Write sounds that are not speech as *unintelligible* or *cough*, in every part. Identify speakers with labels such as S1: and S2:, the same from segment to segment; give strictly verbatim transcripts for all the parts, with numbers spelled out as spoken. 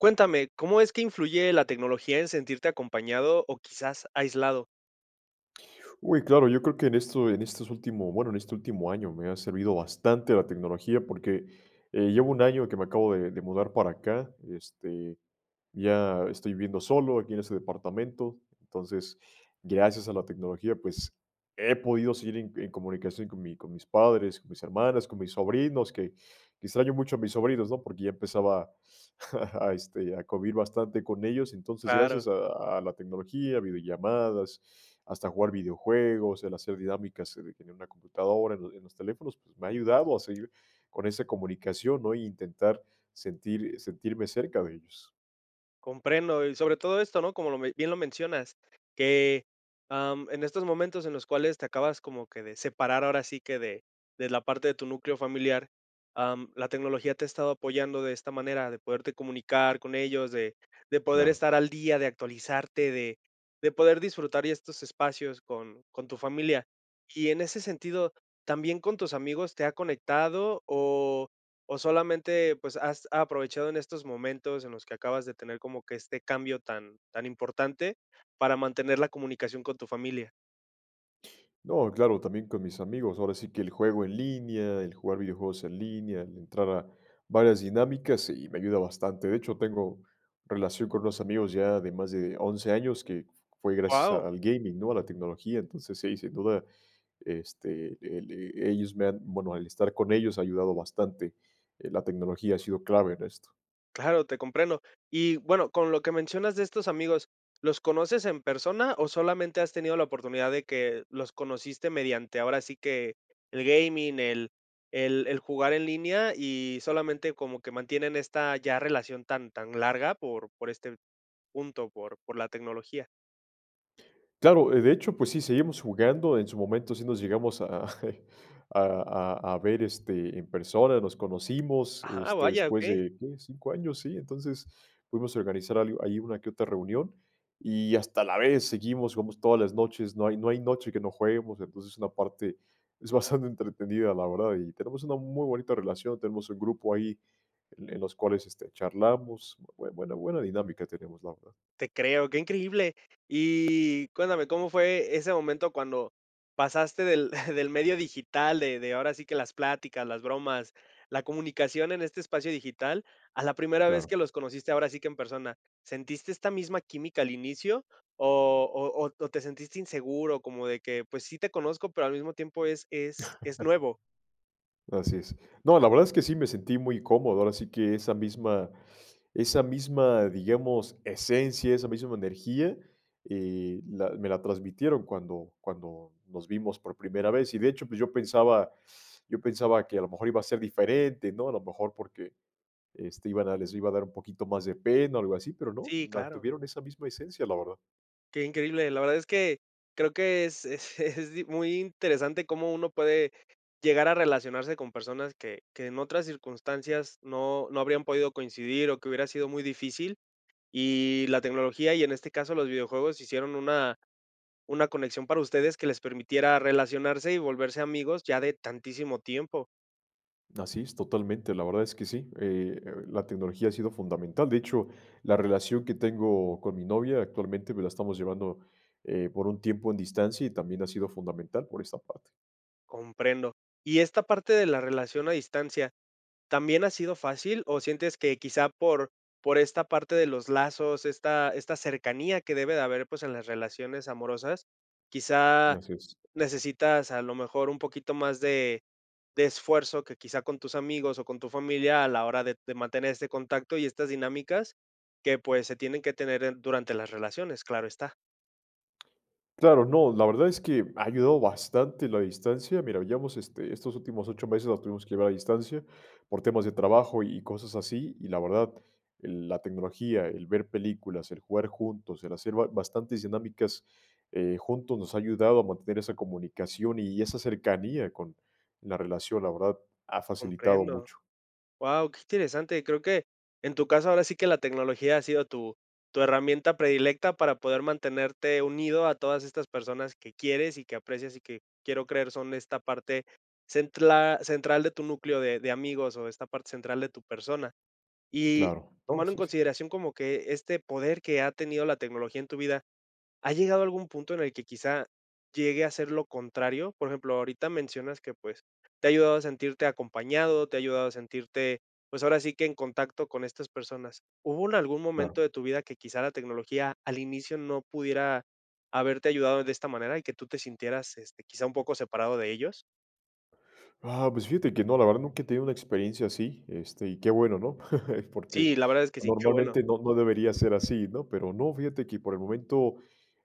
S1: Cuéntame, ¿cómo es que influye la tecnología, en sentirte acompañado, o quizás, aislado?
S2: Uy, claro. Yo creo, que en esto en estos últimos bueno, en este último año, me ha servido bastante la tecnología, porque, eh, llevo un año, que me acabo de de mudar para acá. Este, ya estoy viviendo solo, aquí en este departamento. Entonces, gracias a la tecnología, pues, he podido seguir en en comunicación, con mi con mis padres, con mis hermanas, con mis sobrinos, que que, extraño mucho a mis sobrinos, ¿no? Porque ya empezaba a *chuckles* este, a covir, bastante con ellos. Entonces,
S1: Claro.
S2: gracias a a la tecnología, a video llamadas. Hasta jugar video juegos, el hacer dinámicas en en una computadora, en los en los teléfonos. Pues, me ha ayudado, a seguir con ese comunicación, ¿no? Intentar, sentir sentirme cerca de ellos.
S1: Comprendo. Y sobre todo esto, ¿no? Como lo me bien lo mencionas. Que, am, en estos momentos, en los cuales, te acabas como que de separar, ahora sí que, de de la parte de tu núcleo familiar, am, la tecnología te ha estado apoyando, de esta manera. De poderte comunicar con ellos, de de poder
S2: Claro.
S1: estar al día, de actualizarte. De de poder disfrutar, ya estos espacios, con con tu familia. Y en ese sentido, ¿también con tus amigos, te ha conectado? O o solamente, pues, has aprovechado en estos momentos, en los que acabas de tener, como que este cambio tan tan importante, para mantener la comunicación, con tu familia.
S2: No, claro, también con mis amigos, ahora sí que el juego en línea, el jugar videojuegos en línea, entrar a varias dinámicas, y me ayuda bastante, de hecho, tengo relación con unos amigos ya de más de once años, que fue gracias
S1: Guau.
S2: al gaming, ¿no?, a la tecnología, entonces, sí, sin duda, este, el ellos me han, bueno, el estar con ellos ha ayudado bastante, la tecnología ha sido clave en esto.
S1: Claro, te comprendo. Y, bueno, con lo que mencionas de estos amigos, ¿los conoces en persona o solamente has tenido la oportunidad de que los conociste mediante, ahora sí que, el gaming, el el el jugar en línea y solamente como que mantienen esta ya relación tan tan larga por por este punto, por por la tecnología?
S2: Claro, de hecho, pues sí, seguimos jugando, en su momento sí nos llegamos a, *chuckles* a a a ver, este, en persona, nos conocimos,
S1: Ah,
S2: este,
S1: vaya,
S2: después
S1: okey.
S2: de, ¿qué?, ¿cinco años?, sí, entonces, pudimos organizar algo ahí, una que otra reunión, y hasta la vez seguimos, jugamos todas las noches, no hay, no hay noche que no jueguemos, entonces, una parte es bastante entretenida, la verdad y tenemos una muy bonita relación, tenemos un grupo ahí en en los cuales, este, charlamos, bue buena, buena dinámica tenemos, la verdad.
S1: Te creo, ¡qué increíble!, y cuéntame, ¿cómo fue ese momento cuando pasaste del *giggles* del medio digital, de de, ahora sí que, las plática, las bromas, la comunicación en este espacio digital, a la primera vez
S2: Claro.
S1: que los conociste, ahora sí que en persona?, ¿sentiste esta misma química al inicio o o o te sentiste inseguro?, como de que, pues, sí te conozco, pero al mismo tiempo es es es
S2: *chuckles*
S1: nuevo.
S2: Así es. No, la verdad es que sí, me sentí muy cómodo, ahora sí que esa misma esa misma, digamos, esencia, esa misma energía, eh, la me la transmitieron cuando cuando nos vimos por primera vez. Y, de hecho, pues yo pensaba *sucks teeth* yo pensaba que a lo mejor iba a ser diferente, ¿no?, a lo mejor porque, este, iban a les iba a dar un poquito más de pena o algo así, pero no,
S1: Sí, claro.
S2: mantuvieron esa misma esencia, la verdad.
S1: Qué increíble, la verdad es que, creo que es es, es *giggles* muy interesante cómo uno puede llegar a relacionarse con personas que que en otras circunstancias no no habrían podido coincidir o que hubiera sido muy difícil, y la tecnología y, en este caso, los videojuegos, hicieron una una conexión para ustedes que les permitiera relacionarse y volverse amigos ya de tantísimo tiempo.
S2: Así es totalmente, la verdad es que sí, eh, la tecnología ha sido fundamental. De hecho, la relación que tengo con mi novia actualmente me la estamos llevando, eh, por un tiempo en distancia y también ha sido fundamental por esa parte.
S1: Comprendo. Y esta parte de la relación a distancia, ¿también ha sido fácil o sientes que quizá por por esta parte de los lazos, esta esta cercanía que debe de haber, pues, en las relaciones amorosas? Quizá
S2: Así es.
S1: necesitas a lo mejor un poquito más de de esfuerzo que quizá con tus amigos o con tu familia a la hora de de mantener este contacto y estas dinámicas que, pues se tienen que tener en durante las relaciones, claro está.
S2: Claro, no, la verdad es que ha ayudado bastante la distancia. Mira, llevamos, este, estos últimos ocho meses la tuvimos que llevar a distancia por temas de trabajo y cosas así, y la verdad, la tecnología, el ver películas, el jugar juntos, el hacer ba bastantes dinámicas, eh, juntos nos ha ayudado a mantener esa comunicación y esa cercanía con la relación, la verdad, ha facilitado
S1: Comprendo.
S2: mucho.
S1: Wao, qué interesante. Creo que, en tu caso, ahora sí que la tecnología ha sido tu tu herramienta predilecta para poder mantenerte unido a todas estas personas que quieres y que aprecias y que quiero creer son esta parte centla central de tu núcleo de de amigos o esta parte central de tu persona. Y
S2: Claro, no,
S1: tomando en
S2: sí, sí.
S1: consideración como que este poder que ha tenido la tecnología en tu vida, ¿ha llegado a algún punto en el que quizá llegue a ser lo contrario? Por ejemplo, ahorita mencionas que, pues te ha ayudado a sentirte acompañado, te ha ayudado a sentirte, pues, ahora sí que en contacto con estas personas. ¿Hubo en algún
S2: Claro.
S1: momento de tu vida que quizá la tecnología al inicio no pudiera haberte ayudado de esta manera y que tú te sintieras, este, quizá un poco separado de ellos?
S2: Ah, pues fíjate que no, la verdad nunca he tenido una experiencia así, este, y qué bueno, ¿no? *chuckles* Porque
S1: Sí, la verdad es que sí, qué bueno.
S2: normalmente no no debería ser así, ¿no? Pero no, fíjate que, por el momento,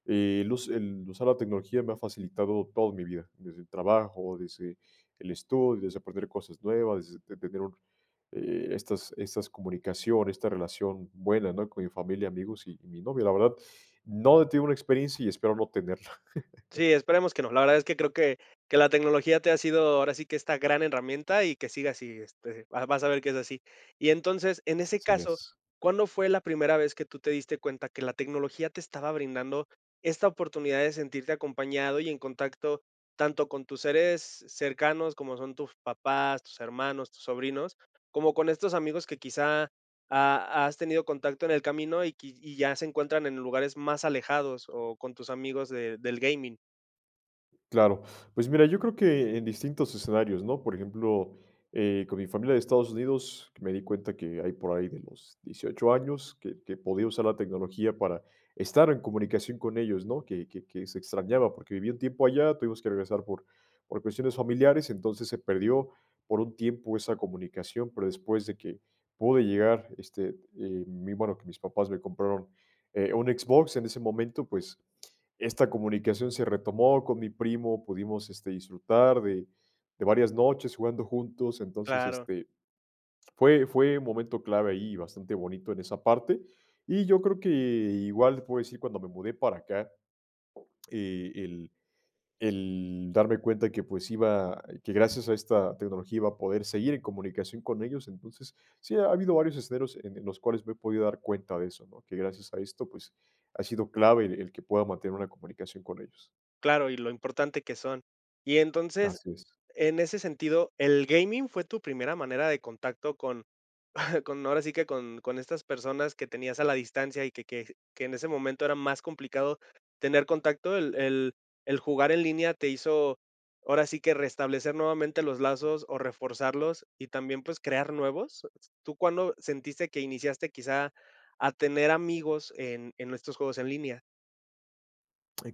S2: eh, el us el usar la tecnología me ha facilitado todo en mi vida, desde el trabajo, desde el estudio, desde aprender cosas nuevas, desde tener un e estas estas comunicaciones, esta relación buena, ¿no? Con mi familia, amigos y y mi novia. La verdad, no he tenido una experiencia y espero no tenerla. *chuckles*
S1: Sí, esperemos que no. La verdad es que creo que que la tecnología te ha sido, ahora sí que esta gran herramienta y que siga así, este, vas vas a ver que es así. Y entonces, en ese
S2: Así
S1: caso,
S2: es.
S1: ¿cuándo fue la primera vez que tú te diste cuenta que la tecnología te estaba brindando esta oportunidad de sentirte acompañado y en contacto tanto con tus seres cercanos, como son tus papás, tus hermanos, tus sobrinos, como con estos amigos que quizá a has tenido contacto en el camino y y ya se encuentran en lugares más alejados o con tus amigos de del gaming?
S2: Claro, pues mira, yo creo que en distintos escenarios, ¿no? Por ejemplo, eh, con mi familia de Estados Unidos, me di cuenta que hay por ahí de los dieciocho años, que que podía usar la tecnología para estar en comunicación con ellos, ¿no?, que que que se extrañaba, porque viví un tiempo allá, tuvimos que regresar por por cuestiones familiares. Entonces, se perdió por un tiempo esa comunicación, pero después de que pude llegar, este, eh, mm, bueno, que mis papás me compraron, eh, un Xbox en ese momento, pues, esta comunicación se retomó con mi primo, pudimos, este, disfrutar de de varias noches jugando juntos. Entonces,
S1: Claro.
S2: este, fue fue un momento clave ahí, bastante bonito en esa parte. Y yo creo que igual puedo decir cuando me mudé para acá, eh, el el darme cuenta que, pues, iba que gracias a esta tecnología iba a poder seguir en comunicación con ellos, entonces, sí, ha habido varios escenarios en los cuales me he podido dar cuenta de eso, ¿no?, que gracias a esto, pues, ha sido clave el el que pueda mantener una comunicación con ellos.
S1: Claro, y lo importante que son. Y entonces,
S2: Así es.
S1: en ese sentido, el gaming fue tu primera manera de contacto con *exhales* con, ahora sí que con con estas personas que tenías a la distancia y que que que en ese momento era más complicado tener contacto, el el ¿el jugar en línea te hizo ahora sí que restablecer nuevamente los lazos o reforzarlos y también, pues, crear nuevos? ¿Tú cuándo sentiste que iniciaste quizá a tener amigos en en estos juegos en línea?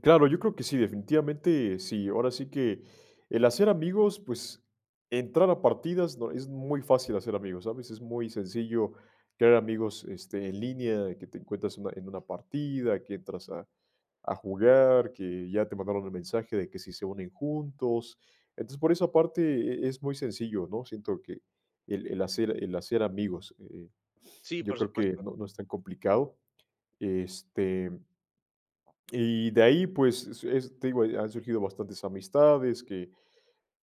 S2: Claro, yo creo que sí, definitivamente sí. Ahora sí que el hacer amigos, pues, entrar a partidas no Es muy fácil hacer amigos, ¿sabes? Es muy sencillo crear amigos, este, en línea, que te encuentras en una en una partida, que entras a, a jugar, que ya te mandaron el mensaje de que si se unen juntos. Entonces, por esa parte, eh, es uy sencillo, ¿no? Siento que el el hacer el hacer amigos, eh, *sniffs*
S1: Sí,
S2: yo
S1: por
S2: creo que
S1: supuesto.
S2: no no es tan complicado. Este, *swallows* y de ahí, pues, es es te digo, han surgido bastantes amistades, que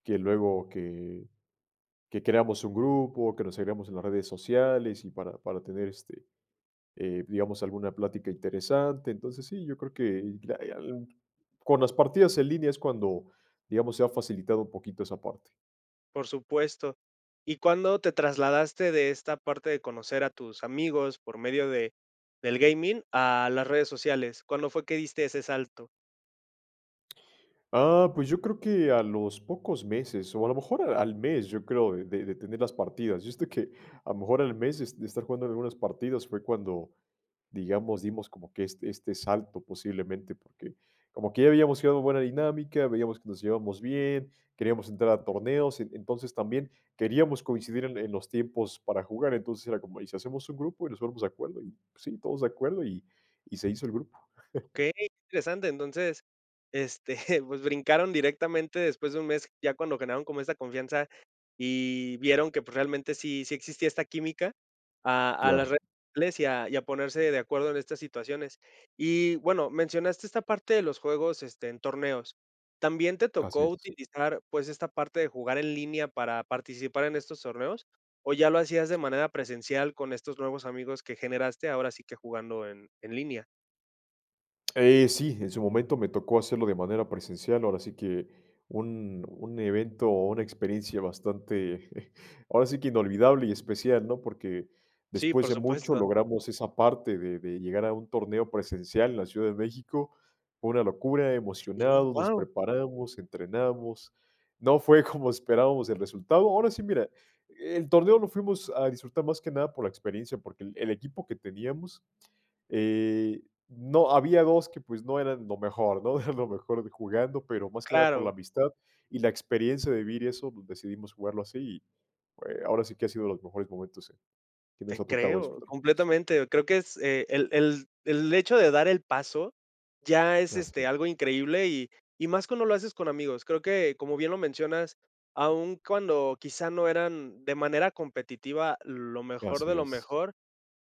S2: que luego que que creamos un grupo, que nos agregamos en las redes sociales, y para para tener, este, eh, digamos, alguna plática interesante. Entonces, sí, yo creo hay, ah, con las partidas en línea es cuando, digamos, se ha facilitado un poquito esa parte.
S1: Por supuesto. ¿Y cuándo te trasladaste de esta parte de conocer a tus amigos, por medio de del gaming, a las redes sociales? ¿Cuándo fue que diste ese salto?
S2: Ah, pues yo creo que a los pocos meses, o a lo mejor a al mes, yo creo, de de de tener las partidas. Yo, este, que a lo mejor, al mes de s de estar jugando algunas partidas, fue cuando, digamos, dimos como que este este salto posiblemente, porque como que ya habíamos *unintelligible* en buena dinámica, veíamos que nos llevábamos bien, queríamos entrar a torneos, en entonces también queríamos coincidir en en los tiempos para jugar. Entonces era como: "Y si hacemos un grupo y nos ponemos de acuerdo" y, sí, todos de acuerdo y y se hizo el grupo. *laughs*
S1: Okey, interesante, entonces, este, *chuckles* pues brincaron directamente después de un mes, ya cuando generaron como esa confianza y vieron que, pues, realmente sí, sí existía esta química a a las
S2: Claro.
S1: red *unintelligible* y a ponerse de acuerdo en estas situaciones. Y bueno, mencionaste esta parte de los juegos, este, en torneos. ¿También te
S2: Así
S1: tocó
S2: es.
S1: utilizar, pues, esta parte de jugar en línea para participar en estos torneos? ¿O ya lo hacías de manera presencial con estos nuevos amigos que generaste, ahora sí que jugando en en línea?
S2: Eh, sí, en su momento me tocó hacerlo de manera presencial, ahora sí que un un evento, o una experiencia bastante *chuckles* ahora sí que inolvidable y especial, ¿no? Porque
S1: Sí,
S2: después
S1: por
S2: de mucho,
S1: supuesto.
S2: logramos esa parte de de llegar a un torneo presencial en la Ciudad de México. Fue una locura,
S1: Sí,
S2: emocionados, nos
S1: ¡wao!
S2: preparamos, entrenamos. No fue como esperábamos el resultado. Ahora sí, mira, el torneo lo fuimos a disfrutar más que nada por la experiencia, porque el el equipo que teníamos, eh, no había dos que, pues, no eran lo mejor, ¿no?, lo mejor de jugando, pero más que nada por la
S1: Claro.
S2: amistad y la experiencia de vivir y eso decidimos jugarlo así, y, eh, ahora sí que ha sido los mejores momentos en que nos
S1: Te
S2: ha tocado
S1: creo,
S2: disfrutar juntos.
S1: completamente. Creo que es el el el hecho de dar el paso ya es,
S2: Así
S1: este,
S2: es.
S1: algo increíble y y más cuando lo haces con amigos. Creo que, como bien lo mencionas, aun cuando quizá no eran de manera competitiva lo
S2: Eh,
S1: mejor
S2: así
S1: de lo
S2: es.
S1: mejor,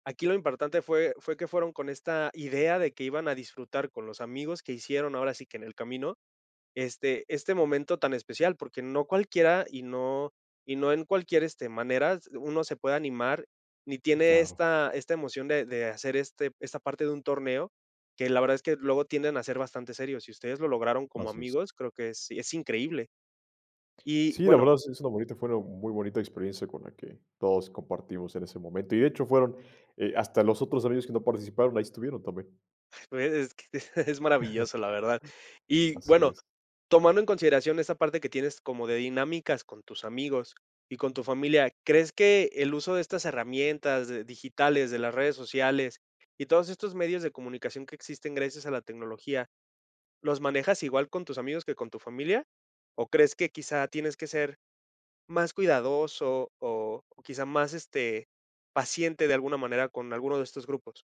S1: aquí lo importante fue fue que fueron con esta idea de que iban a disfrutar con los amigos que hicieron ahora sí que en el camino, este este momento tan especial. Porque no cualquiera y no y no en cualquier, este, maneras, uno se puede animar, ni tiene
S2: Claro.
S1: esta esta emoción de de hacer este esta parte de un torneo, que la verdad es que luego tienden a ser bastante serios. Si ustedes lo lograron como
S2: Así es.
S1: amigos, creo que es es increíble. Y,
S2: Sí, la
S1: bueno
S2: verdad es es una bonita forma, muy bonita experiencia con la que todos compartimos en ese momento, y de hecho fueron, eh, hasta los otros amigos que no participaron, ahí estuvieron también.
S1: Pues es que es
S2: *chuckles*
S1: maravilloso, la verdad. Y,
S2: Así
S1: bueno,
S2: es.
S1: tomando en consideración esa parte que tienes como de dinámicas con tus amigos y con tu familia. ¿Crees que el uso de estas herramientas, eh, digitales, de las redes sociales y todos estos medios de comunicación que existen gracias a la tecnología, ¿los manejas igual con tus amigos que con tu familia? ¿O crees que quizá tienes que ser más cuidadoso o quizá más, este, paciente de alguna manera con alguno de estos grupos?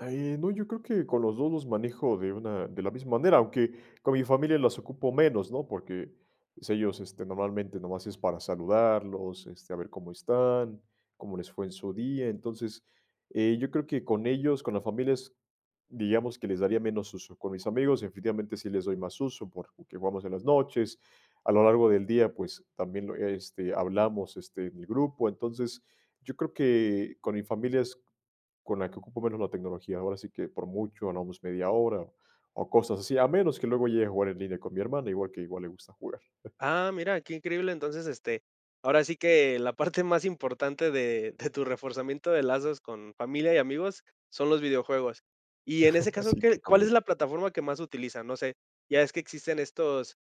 S2: Eh, no, yo creo que con los dos los manejo de una de la misma manera, aunque con mi familia los ocupo menos, ¿no?, porque, pues, ellos, este, normalmente, nomás es para saludarlos, este, a ver cómo están, cómo les fue en su día. Entonces, eh, yo creo que con ellos con la familia es, digamos, que les daría menos uso, con mis amigos, definitivamente, sí les doy más uso, porque que jugamos en las noches. A lo largo del día, pues, también lo este, hablamos, este, en el grupo. Entonces, yo creo que con mi familia es con la que ocupo menos la tecnología, ahora sí que por mucho, no, pues, media hora o o cosas así, a menos que luego llegue a jugar en línea con mi hermana, igual que igual le gusta jugar. *chuckles*
S1: Ah, mira, qué increíble, entonces, este, ahora sí que la parte *chuckles* más importante de de tu reforzamiento de lazos con familia y amigos, son los videojuegos. Y en ese
S2: *laughs*
S1: caso,
S2: Si,
S1: ¿qué cuál es
S2: totalmente.
S1: la plataforma que más utilizan? No sé, ya ves que existen estos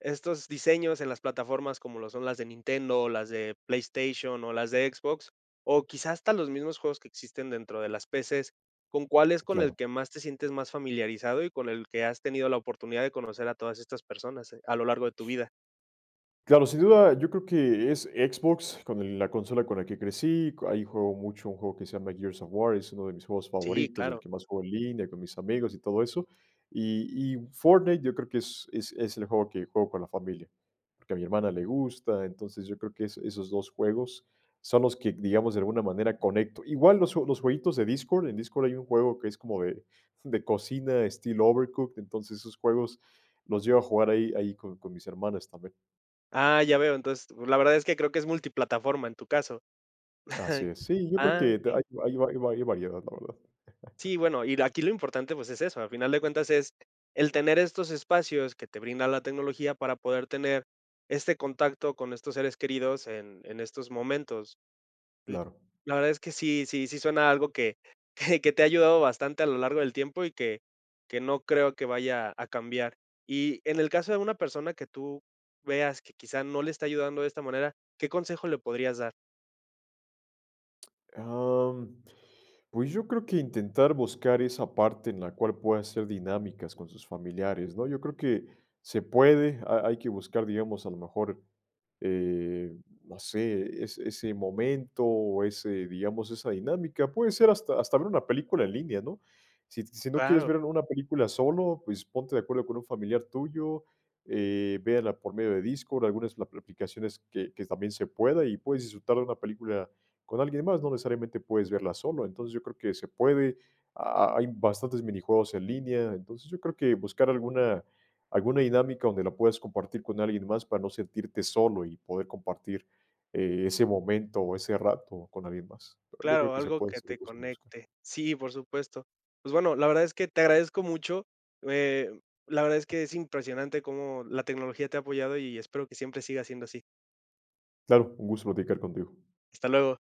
S1: estos diseños en las plataformas como lo son las de Nintendo o las de PlayStation, o las de Xbox, o quizá hasta los mismos juegos que existen dentro de las PCs, ¿con cuál es con el
S2: Claro.
S1: que más te sientes más familiarizado y con el que has tenido la oportunidad de conocer a todas estas personas, eh, a lo largo de tu vida?
S2: Claro, sin duda, yo creo que es Xbox con el la consola con la que crecí, co ahí juego mucho un juego que se llama Gears of War, uno de mis juegos
S1: Sí,
S2: favoritos, del
S1: claro.
S2: que más juego en línea con mis amigos y todo eso. Y y Fortnite yo creo que es es es el juego que juego con la familia, porque, a mi hermana le gusta. Entonces, yo creo que es esos dos juegos son los que, digamos, de alguna manera conecto igual los ju los jueguitos de Discord, en Discord hay un juego que es como de de cocina, estilo Overcooked, entonces, esos juegos los llego a jugar ahí ahí con con mis hermanas también.
S1: Ah, ya veo. Entonces, es la verdad, es que creo que es multiplataforma en tu caso.
S2: Así
S1: *chuckles*
S2: es. Sí, yo creo
S1: Ah,
S2: que hay
S1: okey.
S2: hay hay va hay va hay variedad, la verdad. *chuckles*
S1: Sí, bueno, y el aquí lo importante, pues, es eso, a final de cuentas, es el tener estos espacios que te brinda la tecnología para poder tener este contacto con estos seres queridos en en estos momentos. Sí.
S2: Claro.
S1: La verdad es que sí sí sí suena algo *chuckles* que que te ha ayudado bastante a lo largo del tiempo y que que no creo que vaya a cambiar. Y en el caso de una persona que tú veas que quizá no le está ayudando de esta manera, ¿qué consejo le podrías dar?
S2: Am, pues, yo creo que intentar buscar esa parte en la cual pueda ser dinámicas con sus familiares, ¿no? Yo creo que se puede, ha hay que buscar, digamos, a lo mejor, eh, no sé, ese ese momento, o ese, digamos, esa dinámica. Puede ser hasta hasta ver una película en línea, ¿no? Si si no quieres
S1: Claro.
S2: ver una película solo, pues, ponte de acuerdo con un familiar tuyo. Eh, véanla por medio de Discord, algunas ap aplicaciones que que también se pueda, y puedes disfrutar de una película con alguien más. No necesariamente puedes verla solo. Entonces, yo creo que se puede, ha ha hay bastantes minijuegos en línea. Entonces, yo creo que buscar alguna alguna dinámica donde la puedas compartir con alguien más para no sentirte solo, y poder compartir, eh, ese momento, o ese rato con alguien más. Pero yo creo
S1: Claro,
S2: que se
S1: algo
S2: puede,
S1: que
S2: seria
S1: te
S2: cuestion de buscar.
S1: conecte. Sí, por supuesto. Pues, bueno, la verdad es que te agradezco mucho, eh, la verdad es que es impresionante cómo la tecnología te ha apoyado y espero que siempre siga siendo así.
S2: Claro, un gusto platicar contigo.
S1: Hasta luego.